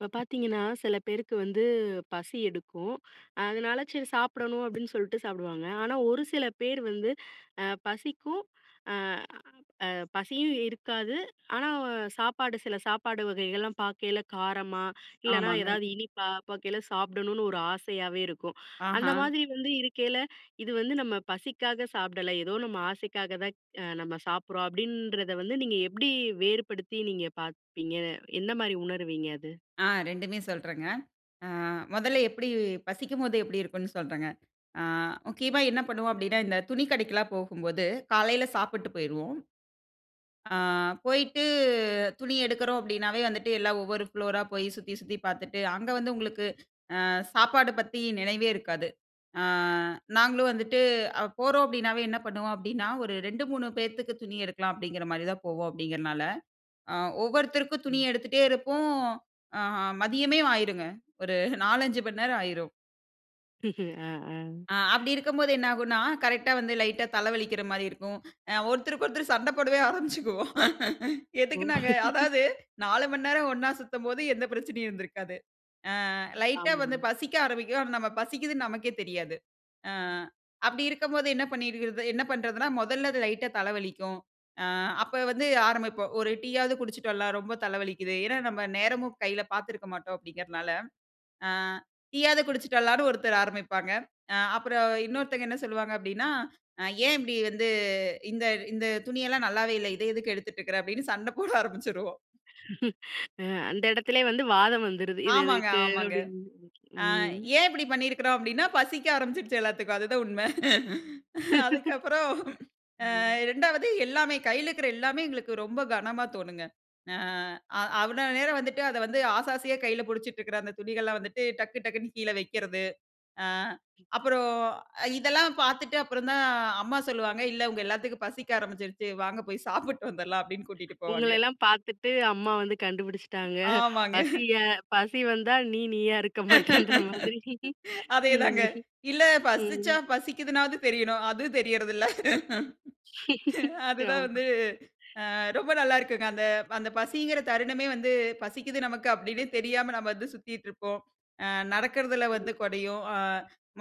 இப்ப பாத்தீங்கன்னா, சில பேருக்கு வந்து பசி எடுக்கும். அதனால, சரி சாப்பிடணும். அப்டின்னு சொல்ட்டு சாப்டுவாங்க. ஆனா, ஒரு சில பேர் வந்து, அ பசிக்கும் அ அ பசியும் இருக்காது. ஆனா, சாப்பாடு சில சாப்பாடு வகைகள்லாம் பாக்கையில, காரமா, இல்லன்னா ஆமாங்க. ஏதாவது இனிப்பா பாக்கையில சாப்பிடணுன்னு, ஒரு ஆசையாவே இருக்கும். அந்த ஆஹா. மாதிரி வந்து இருக்கையில, இது வந்து நம்ம பசிக்காக சாப்பிடல. ஏதோ நம்ம ஆசைக்காக தான் அ நம்ம சாப்பிட்றோம் அப்டின்றத வந்து, நீங்க எப்டி வேறுபடுத்தி, நீங்க பாப்பீங்க, gந்த மாரி உணருவீங்க, அது? ஆ 2மே சொல்றேங்க. அ முதல்ல எப்புடி பசிக்கும்போது, எப்புடி இருக்குன்னு சொல்றேங்க. ஆ, [unintelligible] முக்கியமா என்ன பண்ணுவோம் அப்டினா, இந்த துணி கடைக்குலா போகும்போது, காலையில சாப்பிட்டு போய்ருவோம். அ போயிட்டு துணி எடுக்குறோம் அப்டின்னாவே வந்துட்டு, எல்லா ஒவ்வொரு ஃப்ளோர் ரா போய் சுத்தி சுத்தி பாத்துட்டு, அங்க வந்து உங்களுக்கு, அ சாப்பாடு பத்தி நினைவே இருக்காது. ஆ நாங்களும் வந்துட்டு அ போறோம் அப்டின்னாவே, என்ன பண்ணுவோம் அப்டின்னா, "ஒரு 2, 3 பேத்துக்கு துணி எடுக்கலாம்," அப்டிங்கிற மாரி தான் போவோம் அப்டிங்கிறனால, அ ஒவ்வொருத்தருக்கும் துணி ம். எடுத்துட்டே இருப்போம். ஆ மதியமே ஆயிருங்க. ஒரு 4, 5 மண் நேரம் ஆயிரும். ம்ஹ்ம் ம் ம் அ அப்டி இருக்கும்போது என்ன ஆகுன்னா, கரெக்ட்டா வந்து லைட்டா தல வலிக்கிற மாரி இருக்கும். ஒருத்தருக்கு ஒருத்தர் சண்டை போடவே ஆரம்பிச்சிக்குவோம். எதுக்கு ஓ! நாங்க அதாவது 4 மணி நேரம் ஒண்ணா சுத்தும்போது எந்த பிரச்சனையும் இருந்திருக்காது அ. லைட்டா ஆமா. வந்து பசிக்க ஆரம்பிக்கும். ஆனா நம்ம பசிக்கிதுன்னு நமக்கே தெரியாது. அ அப்டி இருக்கும்போது என்ன பண்ணிறது என்ன பண்றதுன்னா மொதல்ல அது லைட்டா தலை வலிக்கும்.அ அப்ப வந்து ஆரம்பிப்போம். 'ஒரு டீ யாவது குடிச்சிட்டு வரலாம், ரொம்ப தலை வலிக்கிது.' ஏன்னா நம்ம நேரமும் கையில பார்த்திருக்க மாட்டோம். அப்டிங்கிறனால. அ. "டீ யாவது குடிச்சுட்டலாம்ன்னு" ஒருத்தர் ஆரம்பிப்பாங்க. அ அப்புறம் இன்னொருத்தங்க, என்ன சொல்லுவாங்க அப்டின்னா, "ஏன் இப்டி வந்து இந்த இந்த துணி எல்லாம் நல்லாவே இல்ல. இதை எதுக்கு எடுத்துட்டுருக்கிற" அப்டின்னு சண்டை போட ஆரம்பிச்சிருவோம். ஆ அந்த எடத்திலேயே வந்து வாதம் வந்துடுது இது ஆமாங்க, எதுக்கு? ஆமாங்க. அப்டின்னு. அ ம். ஏன் இப்டி பண்ணிருக்கிறோம் அப்டின்னா, பசிக்க ஆரம்பிச்சுடுச்சு எல்லாத்துக்கும் அதுதான் உண்மை. அதுக்கப்புறம் அ ம். 2 வது எல்லாமே, கையில இருக்ற எல்லாமே எங்களுக்கு ரொம்ப கணமா தோணுங்க. அ அவ்வளவு நேரம் வந்துட்டு அதை வந்து ஆசை ஆசையா கையில பிடிச்சிட்டு இருக்ற அந்த துணிகள்லாம் வந்துட்டு, டக்கு டக்குன்னு கீழ வெக்கிறது. அ அப்புறம் இதெல்லாம் பார்த்துட்டு அப்புறம் தான் அம்மா சொல்லுவாங்க, இல்ல உங்க எல்லாத்துக்கும் பசிக்க ஆரம்பிச்சுருச்சு வாங்க போய் சாப்பிட்டு வந்துர்றலாம் அப்டின்னு கூட்டிட்டு உங்கள போவாங்க. எல்லாம் பார்த்துட்டு அம்மா வந்து கண்டுபிடிச்சுட்டாங்க. ஆமாங்க. பசி பசி வந்தா நீ நீயா இருக்க மாட்டேன்ற மாதிரி. அதே தாங்க. இல்ல பசிச்சா ம். பசிக்கிதுனாவது தெரியனும். அது தெரியறதுல்ல. அதுதான் ஆமா. வந்து அ ரொம்ப நல்லாருக்குங்க. அந்த அந்த பசிங்கிற தருணமே வந்து, பசிக்குது நமக்கு அப்டின்னே தெரியாம நம்ம வந்து சுத்திட்டு இருப்போம். அ நடக்றதில வந்து ம். கொறையும்.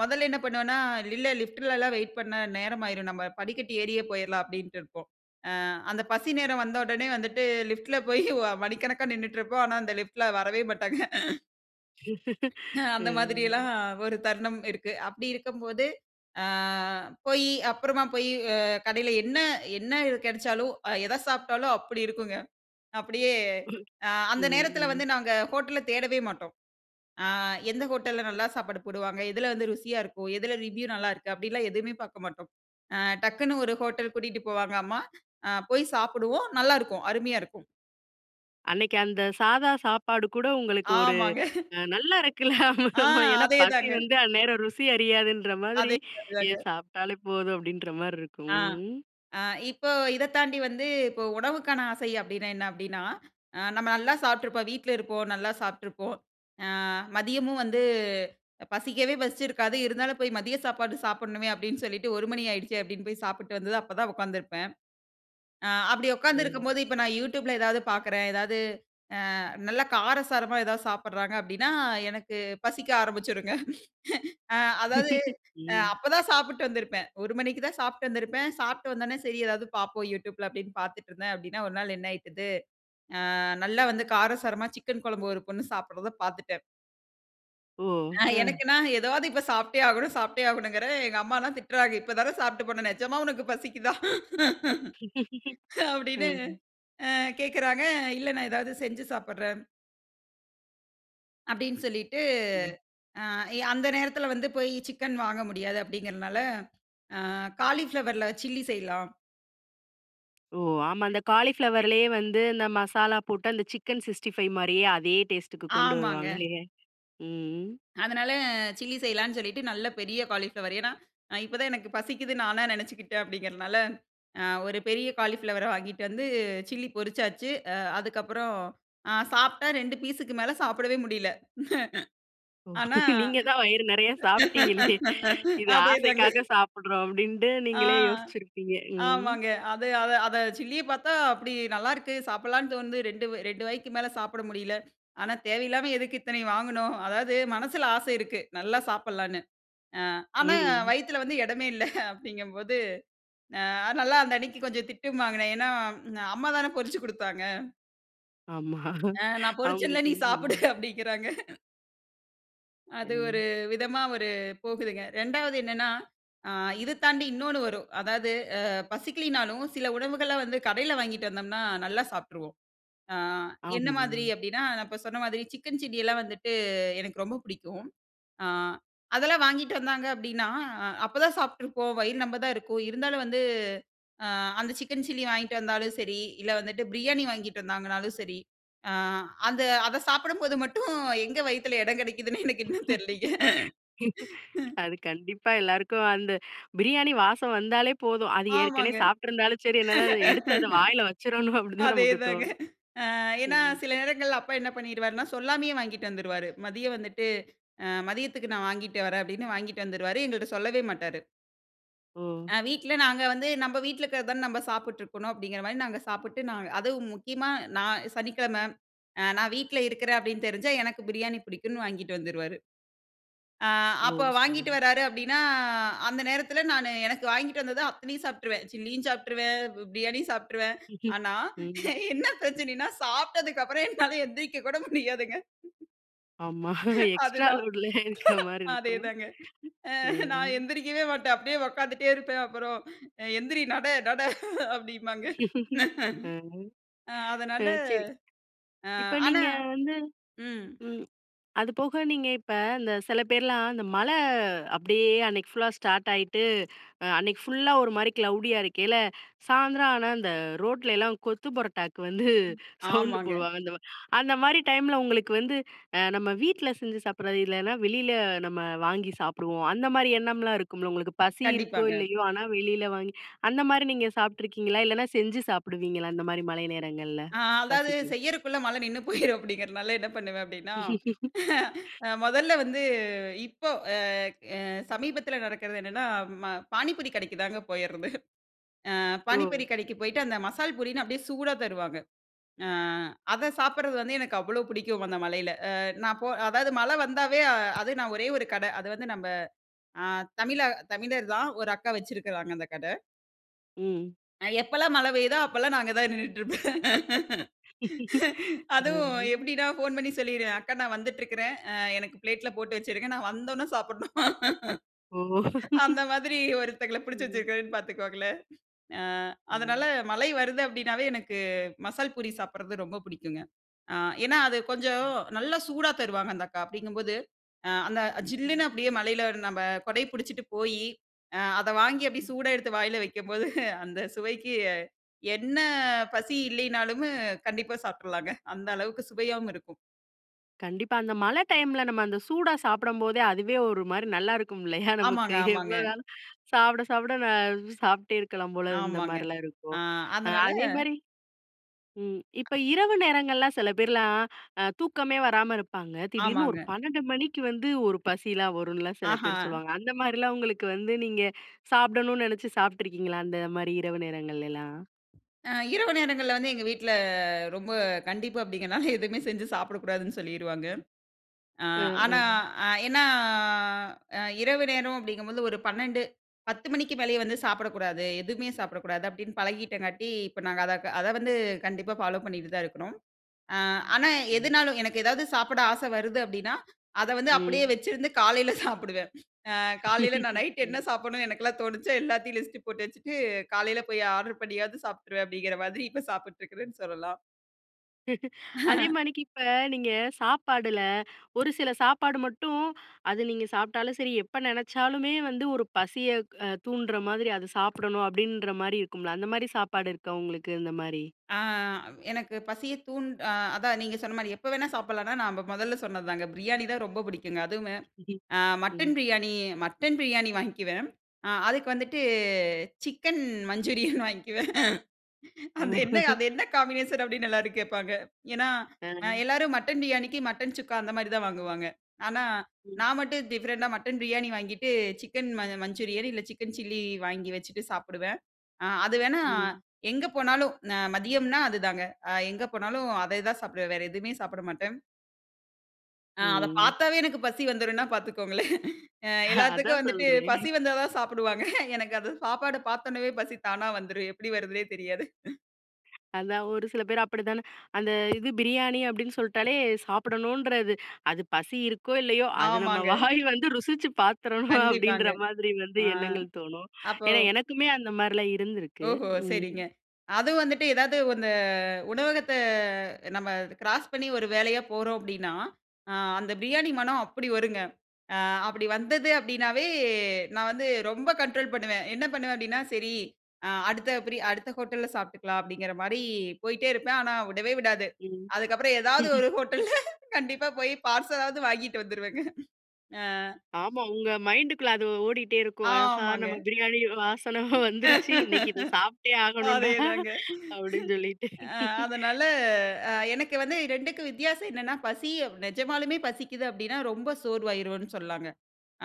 மொதல்ல என்ன பண்ணுவோன்னா, இல்ல இல்ல லிஃப்ட்லலாம் வெயிட் பண்ணா நேரமாயிரும். நம்ம படிக்கட்டி ஏறியே போயிரலாம் அப்படின்ட்டு இருப்போம். அ அந்த பசி நேரம் வந்தவுடனே வந்துட்டு லிப்டில போயி, மணிக்கணக்கா நின்னுட்ருப்போம் ஆனா அந்த லிஃப்ட்ல வரவே மாட்டாங்க. அந்த ம். மாதிரியெல்லாம் ஒரு தருணம் இருக்கு. அப்படி இருக்கம்போது, அ போயி அப்புறமா போயி ஆ கடைல என்ன என்ன, கெடைச்சாலும் அ எத சாப்ட்டாலும் அப்பிடி இருக்குங்க. அப்பிடியே ம், அ அந்த நேரத்தில வந்து ம். நாங்க ஹோட்டல தேடவே மாட்டோம். ஆ எந்த ஹோட்டல்ல நல்லா சாப்பாடு போடுவாங்க. எதுல வந்து ருசியா இருக்கும். எதுல ரிவ்யூ நல்லாயிருக்கு, அப்டிலாம் எதுவுமே பாக்க மாட்டோம். ஆ டக்குன்னு ஒரு ஹோட்டல் கூட்டிட்டு போவாங்க அம்மா! அ போய் சாப்பிடுவோம் நல்லாருக்கும், அருமையா இருக்கும். அன்னக்கி அந்த சாதா சாப்பாடு கூட உங்களுக்கு ஒரு ஆமாங்க. அ நல்லா இருக்குல, ஆமா ஆ. ஆமா ஏன்னா, அதே பசி தாங்க. வந்து அந்நேரம் ருசி அறியாதுன்ற மாதிரி, அதே மாரி ஏன் தாங்க. சாப்ட்டாலே போதும், அப்பிடின்ற மாரி இருக்கும். ஆ, ம், ம். ஆ இப்போ இத தாண்டி வந்து இப்போ உணவுக்கான ஆசை அப்டின்னா என்ன? அப்டீன்னா, ஆ நம்ம நல்லா சாப்ட்ருப்போம். வீட்ல இருப்போம். நல்லா சாப்ட்டுருப்போம். ஆ மதியமும் வந்து பசிக்கவே பசிச்சிருக்காது. இருந்தாலும் போய் மதிய சாப்பாடு சாப்புட்ணுமே அப்டின்னு சொல்லிட்டு 1 மணி ஆயிடுச்சே அப்டின்னு போய் சாப்பிட்டு வந்து தான் அப்ப தான் உக்காந்துருப்பேன். ஆ அப்பிடி ம். உக்கார்ந்திருக்கும்போது, இப்ப நான் யூட்யூப்ல எதாவது பாக்கிறேன். ஏதாவது, ஆ நல்லா காரசாரமா எதாவது சாப்பிட்றாங்க அப்டின்னா, எனக்கு பசிக்க ஆரம்பிச்சிருங்க. ஆ அதாவது அ ம். அப்ப தான் சாப்பிட்டு வந்திருப்பேன். 1 மணிக்கு தான் சாப்ட்டு வந்திருப்பேன். சாப்ட்டு வந்தோன்ன சரி ஏதாவது பாப்போம் யூட்யூப்ல அப்டின்னு பாத்துட்ருந்தேன் அப்டின்னா ஒரு நாள் என்ன ஆயிட்டுது, ஆ நல்லா வந்து காரசாரமா சிக்கன் குழம்பு ஒரு பொண்ணு சாப்பிடுறத பாத்துட்டேன். ஓ! அ, அ. எனக்குனா, ஏதாவது இப்ப சாப்ட்டே ஆகணும், சாப்ட்டே ஆகணுங்குறே. எங்க அம்மாலாம் திட்றாங்க, இப்ப தான சாப்ட்டு போன. நிஜமா உனக்கு பசிக்குதா. அப்டினு ம். அ கேட்குறாங்க. இல்ல நான் ஏதாது செஞ்சு சாப்டுறேன். அப்டின்னு சொல்லிட்டு, ம். அ அந்த நேரத்தில வந்து போயி, சிக்கன் வாங்க முடியாது அப்டிங்கிறனால, அ, காளிபிளவர்ல சில்லி செய்யலாம். ஓ! ஆமா. அந்த காளிபிளவர்லயே வந்து அந்த மசாலா போட்டு, அந்த சிக்கன் சிக்ஸ்ட்டிஃபைவ் மாரியே, அதே டேஸ்டுக்கு கொண்டு ஆமாங்க. வருவாங்களே. ம். அதனால, சில்லி செய்யலானு சொல்லிட்டு, நல்ல பெரிய காலிஃப்ளவர். ஏன்னா, இப்ப தான் எனக்கு பசிக்குதுனு நானா நெனைச்சுக்கிட்டேன், அப்படிங்கிறனால. அ, ஒரு பெரிய காலிஃப்ளவர வாங்கிட்டு வந்து, சில்லி பொறிச்சாச்சு. அ, அதுக்கப்புறம் அ, சாப்பிட்டா 2 பீஸுக்கு மேல, சாப்பிடவே முடியல. ஓ! ஆனா. நீங்க தான் வயிறு நெறயா சாப்பிட்டீங்களே. இது அதேதாங்க. ஆசைக்காக சாப்டுறோம் அப்டின்ட்டு, ஆ, நீங்களே யோசிச்சிருப்பீங்க. ம். ஆமாங்க. அத, அத, அத சில்லிய பாத்தா, அப்டி நல்லாருக்கு. சாப்படலான்னு தோணுது. 2 2 வாய்க்கு மேல சாப்ட முடியல ஆனா, தேவயில்லாம எதுக்கு இத்தனைய வாங்கணும். அதாவது மனசுல ஆச இருக்கு, நல்லா சாப்டலான்னு. அ, ஆனா ம். வயுத்துல வந்து இடமே இல்ல அப்டிங்கும்போது, அ நல்லா அந்த அன்னைக்கு கொஞ்ச திட்டும் வாங்குனேன். ஏன்னா, அம்மா தான பொறிச்சு குடுத்தாங்க. ஆமா ஆ நான் பொரிச்சேன்ல அவங்களுக்கு நீ சாப்பிடு ம். அப்பிடிங்கிறாங்க. அது ஒரு ம். விதமா ஒரு போகுதுங்க. 2ஆவது என்னன்னா அ இது தாண்டி இன்னொன்னு வரும். அதாவது அ பசிக்கலனாலும் சில உணவுகள வந்து கடையில வாங்கிக்கிட்டு வந்தோம்னா, நல்லா சாப்பிட்டுருவோம். ஆ என்ன ஆமா. மாதிரி அப்பிடின்னா நான் சொன்ன மாதிரி சிக்கன் சில்லிலாம் வந்துட்டு எனக்கு ரொம்ப பிடிக்கும். ஆ அதெல்லாம் வாங்கிக்கிட்டு வந்தாங்க அப்பிடின்னா, அ அப்பதான் சாப்பிட்டுருப்போம். வயிறு நெம்ப தான் இருக்கும் இருந்தாலும் வந்து அ அந்த சிக்கன் சில்லி வாங்கிட்டு வந்தாலும் சரி, இல்ல வந்துட்டு பிரியாணி வாங்கிட்டு வந்தாங்கனாலும் சரி, அ அந்த அத சாப்பிடும்போது மட்டும் எங்கே வயித்தில இடம் கிடைக்கிதுன்னே எனக்கு இன்னும் தெரிலேங்க. அது கண்டிப்பா எல்லாருக்கும் அந்த பிரியாணி வாசம் வந்தாலே போதும். அது ஏற்கனவே ஆமாங்க. சாப்பிட்டு இருந்தாலும் சரி, என்னதான் அத எடுத்து அந்த வாயில வச்சிரணும் அப்பிடிதான் அதே நமக்கு தாங்க. தோணும். அ ஏன்னா ம். சில நேரங்கள்ல அப்பா என்ன பண்ணிடுவாருன்னா, சொல்லாமயே வாங்கிட்டு வந்துருவாரு. மதியம் வந்துட்டு அ மதியத்துக்கு நான் வாங்கிட்டு வரேன் அப்பிடின்னு வாங்கிட்டு வந்துருவாரு. எங்கள்ட்ட சொல்லவே மாட்டாரு. ஓ! ஆ வீட்ல நாங்க வந்து நம்ம வீட்ல இருக்கிறத தான நம்ம சாப்பிட்டுருக்கணும் அப்பிடிங்கிறமாரி நாங்க சாப்பிட்டு நாங்க அதுவும் முக்கியமா நான் சனிக்கிழமை அ நான் வீட்ல இருக்கிறேன் அப்பிடின்னு தெரிஞ்சா எனக்கு பிரியாணி பிடிக்குன்னு வாங்கிட்டு வந்துருவாரு. ஆ ஓ! அப்ப சரி. வாங்கிட்டு வர்றாரு அப்பிடின்னா, அந்த நேரத்தில நானு எனக்கு வாங்கிட்டு வந்தத அத்தனையும் சாப்பிட்டுருவேன். சில்லியும் சாப்பிட்டுருவேன், பிரியாணியும் சாப்பிட்டுருவேன். ஆனா ம். என்ன பிரச்சனையின்னா, சாப்பிட்டதுக்கு அப்புறம் என்னால எழுந்திரிக்க கூட முடியாதுங்க. ஆமா அது எக்ஸ்ட்ரா தான். லோட்லயே இருக்கமாரி அதே இருக்கும். தாங்க. அ ம். நான் எந்திரிக்கவே மாட்டேன். அப்பிடியே உட்கார்ந்துட்டே இருப்பேன். அப்புறம் எந்திரி நட நட அப்பிடிம்பாங்க. ம். ஆ, ஆ, அதனால சரி. ஆ இப்ப ஆனா நீங்க வந்து ம். ம். அதுபோக நீங்க இப்ப இந்த சில பேர்லாம் அந்த மழ அப்பிடியே அன்னக்கி ஃபுல்லா ஸ்டார்ட் ஆயிட்டு, அ அன்னக்கி ஃபுல்ல ஒருமாரிக்கு க்ளோடியா இருக்கயில, சாயந்தரம் ஆனா, அந்த ரோட்லயெல்லாம் கொத்து பரோட்டாக்கு வந்து சவுண்டு ஆமாங்க. போடுவாங்க அந்தமாரி அந்தமாரி டைம்ல உங்களுக்கு வந்து அ நம்ம வீட்ல செஞ்சு சாப்பிட்றது இல்லன்னா, வெளியில நம்ம வாங்கி சாப்பிடுவோம். அந்தமாரி எண்ணம்லாம் இருக்கும்ல உங்களுக்கு. பசி இருக்கோ! கண்டிப்பாங்க. இல்லயோ! ஆனா வெளில வாங்கி அந்தமாரி நீங்க சாப்பிட்ருக்கீங்களா? இல்லன்னா, செஞ்சு சாப்பிடுவீங்களா? அந்தமாரி மழை நேரங்கள்ல? ஆ அதாவது பசிக்கி செய்யிறக்குள்ள மழ நின்னுபோயிரும், அப்பிடிங்கிறனால என்ன பண்ணுவேன், அப்பிடின்னா, ஆ மொதல்ல வந்து இப்போ அ அ சமீபத்தில நடக்கிறது என்னன்னா, ம பாணிபூரி கடைக்குதாங்க போயிறது. ஆ ஓ! பானிபூரி கடைக்கு போயிட்டு அந்த மசால் பூரின்னு அப்பிடியே சூடாக தருவாங்க. ஆ அத சாப்பிட்றது வந்து எனக்கு அவ்ளோ பிடிக்கும். அந்த மழையில. அ நான் போ அதாவது மழை வந்தாவே அது நான் ஒரே ஒரு கட அது வந்து நம்ம ஆ தமிழா தமிழர் தான். ஒரு அக்கா வச்சிருக்கிறாங்க அந்த கட. ம். எப்பலாம் மழ பெய்யுதோ அப்பலாம் நான் அங்க தான் நின்னுட்டு இருப்பேன். அதுவும் ம். எப்டினா போன் பண்ணி சொல்லிடுவேன். அக்கா நான் வந்துட்டு இருக்குற. ஆ எனக்கு பிளேட்ல போட்டு வச்சிருங்க. நான் வந்தொன்னே சாப்டணும். ஓ! அந்த மாதிரி ஒருத்தவங்கள பிடிச்சி ம். வச்சிருக்கேன்னு பாத்துக்கோங்களேன். ஆ அதனால ம். மழை வருது அப்டின்னாவே எனக்கு மசால் பூரி சாப்டுறது ரொம்ப பிடிக்குங்க. அ ஏன்னா அது கொஞ்சம் நல்லா சூடா தருவாங்க அந்த அக்கா. அப்டிங்கும்போது ஆ அந்த ஜில்லுனு அப்டியே மழைல, நம்ம குடை பிடிச்சுட்டு போயி அ அத வாங்கி அப்டியே சூடா எடுத்து வாய்ல வெக்கும்போது, அந்த சுவைக்கு என்ன பசி இல்லினாலுமே கண்டிப்பா சாப்டுலாங்க. அந்த அளவுக்கு சுவையாவும் இருக்கும். கண்டிப்பா. அந்த மழ டைம்ல நம்ம அந்த சூடா சாப்டும்போதே அதுவே ஒரு மாரி நல்லா இருக்கும் இல்லயா நமக்கு, ஆமாங்க, ஆமாங்க. எவ்வளோ நாளும் சாப்ட, சாப்ட நான் சாப்ட்டே இருக்கலாம் போல இருந்த ஆமாங்க. மாரிலா ஆ இருக்கும். அதனால அதே மாரி ம் இப்ப இரவு நேரங்கள்லாம் சில பேர்லாம் அ தூக்கமே வராம இருப்பாங்க. திடீர்னு ஒரு ஆமாங்க. 12 மணிக்கு வந்து ஒரு பசில வரும்னுலாம் சில ஆஹா. பேர் சொல்லுவாங்க, அந்த மாதிரிலாம் உங்களுக்கு வந்து நீங்க சாப்டணும்னு நெனச்சு சாப்பட்டு இருக்கீங்களா? அந்த மாரி இரவு நேரங்கள்லலாம்? அ இரவு நேரங்கள்ல வந்து எங்க வீட்ல ரொம்ப கண்டிப்பு அப்படிங்கனால, எதுவுமே செஞ்சு சாப்பிடக்கூடாதுன்னு சொல்லிருவாங்க. அ ம், ஆனா ம். அ ஏன்னா, அ இரவு நேரம் அப்படிங்கும்போது ஒரு 12. 10 மணிக்கு மேலயே வந்து சாப்பிடக்கூடாது, எதுமே சாப்பிடக்கூடாது. அப்டின்னு பழகிட்டங்காட்டி, இப்ப நாங்க அத அத வந்து கண்டிப்பா ஃபாலோ பண்ணிட்டு தான் இருக்கிறோம். அ ஆனா ம். எதுனாலும் எனக்கு ஏதாவது சாப்பிட ஆசை வருது அப்டின்னா, அத வந்து அப்படியே ம். வச்சிருந்து காலைல சாப்பிடுவேன். அ காலைல நான் நைட்டு என்ன ம். சாப்பிடணுன்னு எனக்கெல்லாம் தோணுச்சோ, எல்லாத்தையும் லிஸ்ட்டு போட்டு வச்சுட்டு காலைல போயி ஆடர் பண்ணியாது சாப்ட்டுருவேன் அப்படிங்கிற மாதிரி இப்போ சாப்பிட்ருக்றேன்னு சொல்லலாம். அதே மாதிரிக்கி இப்ப நீங்க சாப்பாடுல ஒரு சில சாப்பாடு மட்டும், அது நீங்க சாப்ட்டாலும் சரி, எப்ப நெனச்சாலுமே வந்து ஒரு பசிய க-தூண்டுற மாரி, அத சாப்பிடணும் அப்படின்ற மாரி இருக்கும்ல, அந்த மாரி சாப்பாடு இருக்கா உங்களுக்கு? இந்த மாரி. ஆ எனக்கு பசியை தூண் அ அதான் நீங்க சொன்ன மாரி எப்ப வேணா சாப்பிடலான்னா, நம்ப மொதல்ல சொன்னது தாங்க பிரியாணி தான் ரொம்ப புடிக்குங்க. அதுவுமே அ மட்டன் ம். பிரியாணி மட்டன் பிரியாணி வாங்கிக்குவேன், அ அதுக்கு வந்துட்டு சிக்கன் மஞ்சூரியன் வாங்க்குவேன். அந்த என்ன அது என்ன காம்பினேஷன் அப்படின்னு எல்லாரும் கேப்பாங்க. ஏன்னா, அ அ. எல்லாரும் மட்டன் பிரியாணிக்கு, மட்டன் சுக்கா அந்த மாரி தான் வாங்குவாங்க. ஆனா ம். நான் மட்டும் டிஃபரண்ட்டா மட்டன் பிரியாணி வாங்கிட்டு, சிக்கன் மஞ்சூரியன் இல்ல, சிக்கன் சில்லி வாங்கி வச்சிட்டு சாப்பிடுவேன். அ அது வேணா ம். எங்க போனாலும் ந மதியம்ன்னா அது தாங்க. அ எங்க போனாலும் அதை தான் சாப்பிடுவேன், வேற எதுவுமே சாப்பிட மாட்டேன். ஆ அத ம். பார்த்தாவே எனக்கு பசி வந்துரும்னா பார்த்துக்கோங்களேன். ஆ எல்லாத்துக்கும் அதான் வந்துட்டு சொல்றேன். பசி வந்தா தான் சாப்புடுவாங்க. எனக்கு அந்த சாப்பாட பார்த்தோனயே பசி தானா வந்துரும். எப்படி வருதுன்னே தெரியாது. அதான். ஒரு சில பேர் அப்படி தான. அந்த இது "பிரியாணி" அப்படின்னு சொல்லிட்டாலே சாப்பிடணுன்றது. அது "பசி இருக்கோ, இல்லையோ, அது நம்ம ஆமாங்க. வாய் வந்து ருசிச்சு பார்த்துரணும்" கண்டிப்பாங்க. அப்படின்ற மாதிரி வந்து ஆ. எண்ணங்கள் தோணும். அப்போ ஏன்னா, எனக்குமே அந்த மாரிலாம் இருந்திருக்கு. ஓஹோ! ம். சரிங்க. அதுவும் வந்துட்டு ஏதாவது அந்த உணவகத்த, நம்ம கிராஸ் பண்ணி ஒரு வேலையா போறோம் அப்படின்னா, அ அந்த பிரியாணி மனம் அப்படி வருங்க. ஆ அப்படி வந்தது அப்படினாவே, நான் வந்து ரொம்ப கண்ட்ரோல் பண்ணுவேன். என்ன பண்ணுவேன் அப்படின்னா, "சரி. அ அடுத்த பிரி அடுத்த ஹோட்டல்ல சாப்பிட்டுக்கலாம்" அப்படிங்கிற மாரி போயிட்டே இருப்பேன், ஆனா விடவே விடாது. ம். அதுக்கப்புறம் ஏதாவது ஒரு ஹோட்டல்ல கண்டிப்பா போய் பார்சலாவது வாங்கிட்டு வந்துருவேங்க. அ. ஆமா. உங்க மைண்ட்டுக்குள்ள அதுவ் ஓடிட்டே இருக்கும். "ஆஹா! ஆமாங்க. நம்ம பிரியாணி வ் வாசன வந்துருச்சி. இன்னைக்கு இத சாப்பிட்டே ஆகணும்டா!" .அதேதாங்க. அப்படின்னு சொல்லிட்டு. அ அதனால அ, எனக்கு வந்து 2க்கும் வித்தியாசம் என்னென்னா பசி அ நிஜமாலுமே பசிக்குது அப்படின்னா, ரொம்ப சோர்வாயிருவோம்னு சொல்லாங்க.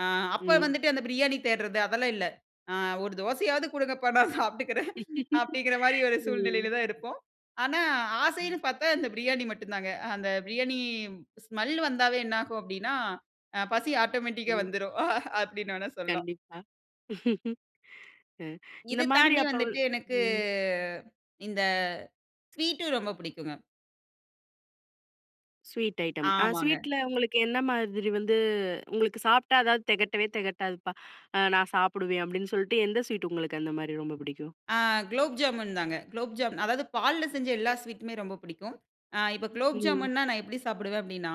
ஆ அப்போ ம். வந்துட்டு அந்த பிரியாணி தேடுறது, அதெல்லாம் இல்ல. "ஆ ஒரு தோசையாவது குடுங்கப்பா நான் சாப்பட்டுக்குறேன்", அப்படிங்கிற மாரி ஒரு ம். சூழ்நிலையில தான் இருப்போம். ஆனா, ம். ஆசைன்னு பார்த்தா, இந்த பிரியாணி மட்டும் தாங்க. அ அந்த பிரியாணி, ஸ்மெல் வந்தாவே என்னாகும் அப்படின்னா, அ பசி ஆட்டோமேட்டிக்கா ம். வந்துரும், அப்படின்னு வேணா சொல்லாம். கண்டிப்பா.. அ. இந்த இது மாதிரி தாண்டி அப்போல் வந்துட்டு எனக்கு ம். இந்த, ஸ்வீட்டும் ரொம்ப பிடிக்கும்ங்க. Sweet item. அ ஆமாங்க. ஸ்வீட்ல உங்களுக்கு என்ன மாதிரி வந்து உங்களுக்கு சாப்ட்டா அதாவது திகட்டவே தெகட்டாதுப்பா. அ நான் சாப்படுவேன் அப்டின்னு சொல்லிட்டு எந்த ஸ்வீட் உங்களுக்கு அந்த மாதிரி ரொம்ப புடிக்கும்? ஆ. குலோப் ஜாமுன் தாங்க. குலோப் ஜாமூன் அதாவது பால்ல செஞ்ச எல்லா ஸ்வீட்டுமே ரொம்ப பிடிக்கும். ஆ இப்போ குலோப் ம். ஜாமுன்னா நான் எப்டி சாப்புடுவேன் அப்டின்னா,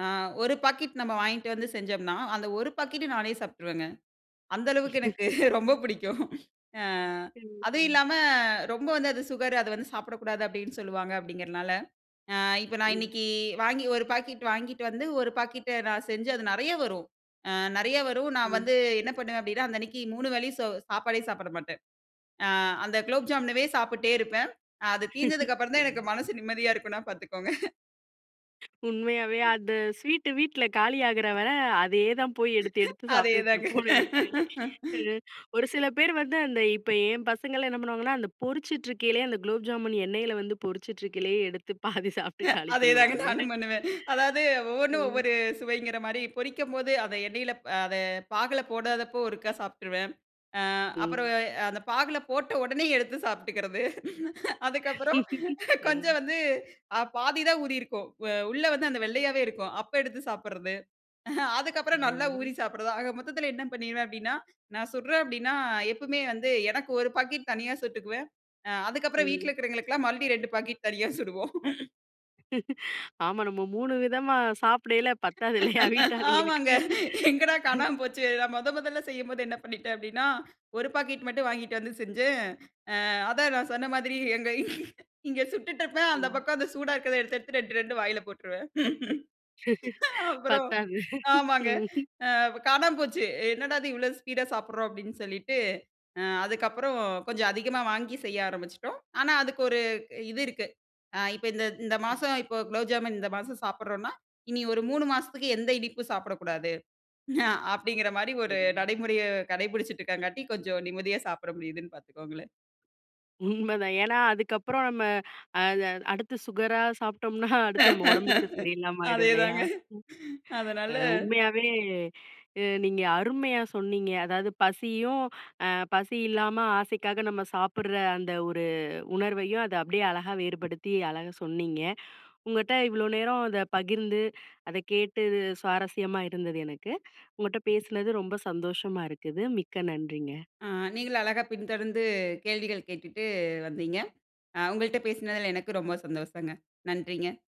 ஆ. "ஒரு பாக்கெட் நம்ம வாங்கிட்டு வந்து செஞ்சோம்னா" அந்த ஒரு பாக்கெட் நானே சாப்ட்டுருவேங்க. அந்த அளவுக்கு [unintelligible] எனக்கு ரொம்ப புடிக்கும் ஆ. அதுவும் ம். இல்லாம ரொம்ப வந்து அது சுகரு, அத வந்து சாப்பிடக்கூடாது அப்டின்னு சொல்லுவாங்க அப்டிங்கிறதுனால, ஆ. இப்போ நான் ம். இன்னிக்கி வாங்கி ஒரு பாக்கெட் வாங்கிட்டு வந்து, ஒரு பாக்கெட்ட நான் செஞ்சு அது நெறையா வரும். அ நெறையா வரும். நான் ம். வந்து என்ன பண்ணுவேன் அப்டின்னா, அந்த அன்னிக்கு மூணு வேலயு சோ சாப்பாடே சாப்பட மாட்டேன். ஆ. அந்த குலோப் ஜாமூன்ன்வே சாப்புட்டே இருப்பேன். அ அது தீர்ந்ததுக்கு அப்புறம் தான் எனக்கு ம். மனசு நிம்மதியா இருக்கும்னா பார்த்துக்கோங்க. உண்மையாவே. அந்த ஸ்வீட்டு வீட்ல காலியாகிற வர. அதேதான் போய் எடுத்து எடுத்து அதே தாங்க. சாப்ட்டுட்டுருப்போம்னு நனக்கிறேன். அ ஒரு சில பேர் வந்து அந்த இப்ப என் பசங்கள்லாம் என்ன பண்ணுவாங்கன்னா, அந்த பொரிச்சிட்டு இருக்கையிலேயே அந்த குலோப் ஜாமுன் எண்ணெயில வந்து பொரிச்சுட்டு இருக்கையிலேயே எடுத்து பாதி சாப்ட்டு காலி அதேதாங்க. பண்ணுவாங்க. நானும் பண்ணுவேன். அதாது ஒவ்வொன்னும் ம். ஒவ்வொரு சுவைங்கிற மாரி. பொரிக்கும்போது அதை எண்ணெயில அ அத பாகுல போடாதப்போ ஒருக்கா சாப்ட்டுருவன். ஆ. அப்புறம் ம். அந்த பாகுல போட்ட உடனே எடுத்து சாப்ட்டுக்கிறது. அதுக்கப்புறம் அ. கொஞ்சம் வந்து அ பாதிதான் ஊறியிருக்கும், அ உள்ள வந்து அந்த வெள்ளையாவே இருக்கும். அப்போ எடுத்து சாப்பட்றது. அதுக்கப்புறம் நல்லா ஊறி ம். சாப்பட்றது. ஆக மொத்தத்துல என்ன பண்ணிடுவேன் அப்டின்னா, நான் சுட்றேன் அப்டின்னா, எப்பவுமே வந்து எனக்கு ஒரு பாக்கெட் தனியா சுட்டுக்குவேன். அ. அதுக்கப்புறம் வீட்ல ம் இருக்கிறவங்களுக்கெல்லாம் மறுபடியும் 2 பாக்கெட் தனியா சுடுவோம். ஆமா நம்ம 3 விதமா சாப்டயில பத்தாது இல்லயா! வீட்டு ஆமாங்க. ஆளுங்களுக்கு. எங்கடா காணாம போச்சே! நான் முத முதல்ல செய்யும்போது என்ன பண்ணிட்டேன் அப்பிடினா, ஒரு பாக்கெட் மட்டும் வாங்கிட்டு வந்து செஞ்சேன். அ அதான் நான் சொன்ன மாதிரி எங்க இங்க சுட்டுட்டுருப்பேன், அந்த ம். பக்கம் அந்த சூடா இருக்கிறத எடுத்து, எடுத்து 2 2 வாயில போட்டுருவேன் அ அப்புறம் பத்தாது, ஆமாங்க. அ காணாம போச்சு "என்னடா! இது இவ்ளோ ஸ்பீடா சாப்பிட்றோம்" அப்டின்னு சொல்லிட்டு அ அதுக்கப்புறம் கொஞ்சம் அதிகமா வாங்கி செய்ய ஆரம்ப்ச்சுட்டோம். ஆனா அதுக்கு ஒரு இது இருக்கு. ஆ இப்ப இந்த இந்த ம். மாசம் இப்போ குலோப்ஜாமுன் இந்த மாசம் சாப்பிட்றோன்னா, இனி ஒரு 3 மாசத்துக்கு எந்த இனிப்பும் சாப்பிடக்கூடாது. அ அப்பிடிங்கிறமாரி ஒரு [unintelligible] நடைமுறைய கடைப்பிடிச்சிட்டு இருக்கங்காட்டி கொஞ்சம் நிம்மதியா சாப்பிட முடியுதுன்னு பாத்துக்கோங்களேன். உண்மதான். ஏன்னா, அதுக்கு அப்புறம் நம்ம அத அடுத்து சுகரா சாப்ட்டோம்னா அடுத்து நம்ம உடம்புக்கு சரி இல்லாம ஆயிடும் அதே இல்லயா! தாங்க. ம். அதனால அ உண்மையாவே அ நீங்க அருமையா சொன்னீங்க. அதாவது பசியும், அ பசி இல்லாம ஆசைக்காக நம்ம சாப்பிடுற அந்த ஒரு உணர்வையும், அது அப்பிடியே அழகா வேறுபடுத்தி அழகா சொன்னீங்க. உங்கட்ட இவ்ளோ நேரம் அத பகிர்ந்து, அத கேட்டு சுவாரஸ்யமா இருந்தது எனக்கு. உங்கட்ட பேசுனது ரொம்ப சந்தோஷமா இருக்குது. மிக்க நன்றிங்க. ஆ நீங்களும் அழகா பின்தொடர்ந்து கேள்விகள் கேட்டுட்டு வந்தீங்க. அ உங்கள்ட்ட பேசினதில எனக்கு ரொம்ப சந்தோஷங்க. நன்றிங்க.